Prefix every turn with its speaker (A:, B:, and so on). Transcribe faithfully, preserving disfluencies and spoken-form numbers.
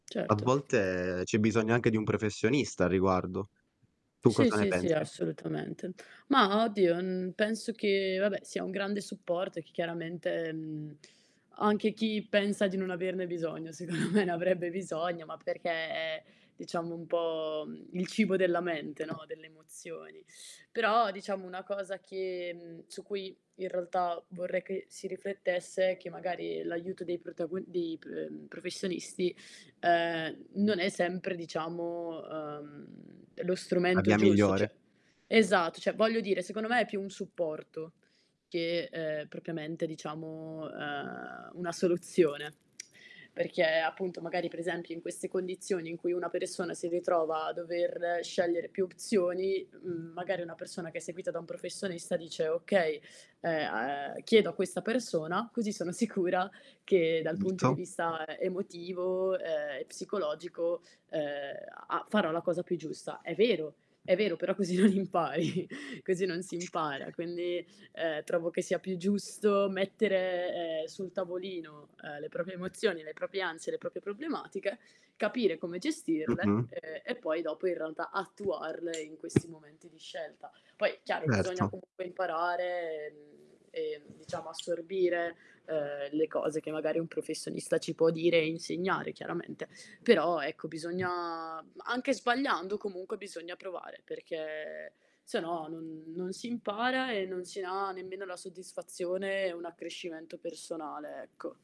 A: A
B: Certo.
A: volte c'è bisogno anche di un professionista a riguardo. Tu
B: Sì,
A: cosa ne
B: sì, sì,
A: pensi?
B: assolutamente. Ma oddio n penso che vabbè sia un grande supporto, e che chiaramente, mhmm, anche chi pensa di non averne bisogno, secondo me ne avrebbe bisogno, ma perché è diciamo un po', mhmm, il cibo della mente, no, delle emozioni. Però diciamo una cosa che mhmm, su cui in realtà vorrei che si riflettesse, e che magari l'aiuto dei protago dei pre uhm, professonisti, uhm, non è sempre diciamo, uhm, lo
A: A
B: strumento
A: bia
B: giusto,
A: migliore.
B: ceh, esatto, ceh voglio dire, secondo me è più un supporto che, ehm, propriamente diciamo, uhm, una soluzione. Perché appunto magari per esempi in queste condizioni in cui una persona si ritrova a dover scegliere più opzioni, mhmm, magari una persona che è seguita da un professonista dice: "Okay, ehm, uhm, chiedo a questa persona, così sono sicura che dal punto di
A: [unintelligible]
B: vista emotivo, ehm e psicologico, ehm, a a farò la cosa più giusta." È vero è vero però così non impari così non si impara, quindi, uhm, trovo che sia più giusto mettere, ehm, sul tavolino, uhm, le proprie emozioni, le proprie ansie, le proprie problematiche, capire come gestirle,
A: Mh-mh.
B: ehm e poi dopo in realtà attuarle in questi momenti di scelta. Poi chiaro bisogna
A: erto.
B: comunque imparare, ehm, ehm, diciamo assorbire, uhm, le cose che magari un professonista ci può dire e insegnare chiaramente. Però ecco, bisogna ma anche sbagliando, comunque bisogna provare, perché se no non non si impara e non si ha nemmeno la soddisfazione e un accrescimento personale, ecco.